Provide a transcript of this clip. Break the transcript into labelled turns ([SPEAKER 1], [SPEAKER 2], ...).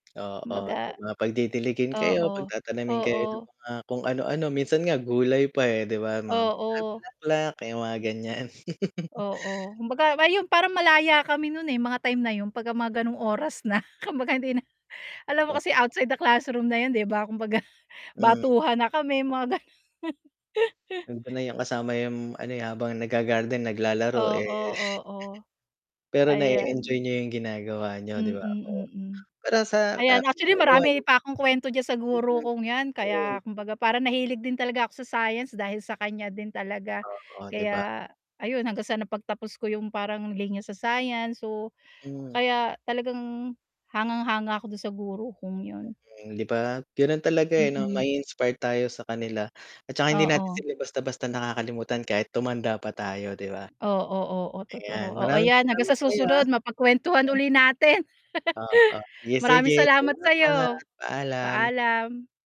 [SPEAKER 1] Oo, to
[SPEAKER 2] Kumbaga
[SPEAKER 1] mga pagdidilligin kayo,
[SPEAKER 2] oo,
[SPEAKER 1] pagtatanimin kayo ng
[SPEAKER 2] oo.
[SPEAKER 1] mga kung ano-ano, minsan nga gulay pa, eh, di ba, mga bula
[SPEAKER 2] Oo.
[SPEAKER 1] bulaklak, eh, 'yung mga ganiyan.
[SPEAKER 2] Oo, kumbaga ayun parang malaya kami no'n, eh, mga time na 'yun 'pagka mga gano'ng oras na. Kumbaga hindi na alam mo kasi
[SPEAKER 1] Oo.
[SPEAKER 2] outside the classroom na 'yun, di ba, kumbaga
[SPEAKER 1] Hmm.
[SPEAKER 2] batuhan na kami, mga ganon.
[SPEAKER 1] Alam ko na 'yang kasama 'yung ano, eh, habang nagga-garden, naglalaro, eh.
[SPEAKER 2] Oo, oo.
[SPEAKER 1] Pero nae-enjoy
[SPEAKER 2] Ayan.
[SPEAKER 1] niyo 'yung ginagawa niyo, di
[SPEAKER 2] Mm,
[SPEAKER 1] ba? Oh,
[SPEAKER 2] mm,
[SPEAKER 1] para sa
[SPEAKER 2] ayan. Actually,
[SPEAKER 1] kabuuan.
[SPEAKER 2] marami pa akong kuwento diyan sa guro
[SPEAKER 1] Mm.
[SPEAKER 2] kong 'yan kaya
[SPEAKER 1] Oo.
[SPEAKER 2] kumbaga parang nahilig din talaga ako sa science dahil sa kaniya din talaga.
[SPEAKER 1] Oo, di ba?
[SPEAKER 2] Kaya ayun, hanggang sa napagtapos ko 'yung parang linya sa science, so,
[SPEAKER 1] Hmm.
[SPEAKER 2] kaya talagang hangang-hanga ako do'n sa guro kong 'yon.
[SPEAKER 1] Okey, di ba, gano'n talaga, eh, 'no,
[SPEAKER 2] Mm.
[SPEAKER 1] mai-inspire tayo sa kanila. At saka hindi natin
[SPEAKER 2] Oo.
[SPEAKER 1] sila basta-basta nakakalimutan kahit tumanda pa tayo, di ba?
[SPEAKER 2] Oo, oo, totoo.
[SPEAKER 1] Ayan,
[SPEAKER 2] Oo,
[SPEAKER 1] maraming
[SPEAKER 2] 'yan hanggang
[SPEAKER 1] salamat
[SPEAKER 2] sa
[SPEAKER 1] sa'yo, ah.
[SPEAKER 2] susunod mapagkuwentuhan
[SPEAKER 1] Hmm.
[SPEAKER 2] uli natin.
[SPEAKER 1] Oo, yes,
[SPEAKER 2] Maraming
[SPEAKER 1] sige
[SPEAKER 2] salamat
[SPEAKER 1] salamat.
[SPEAKER 2] sa'yo.
[SPEAKER 1] Paalam.
[SPEAKER 2] Paalam.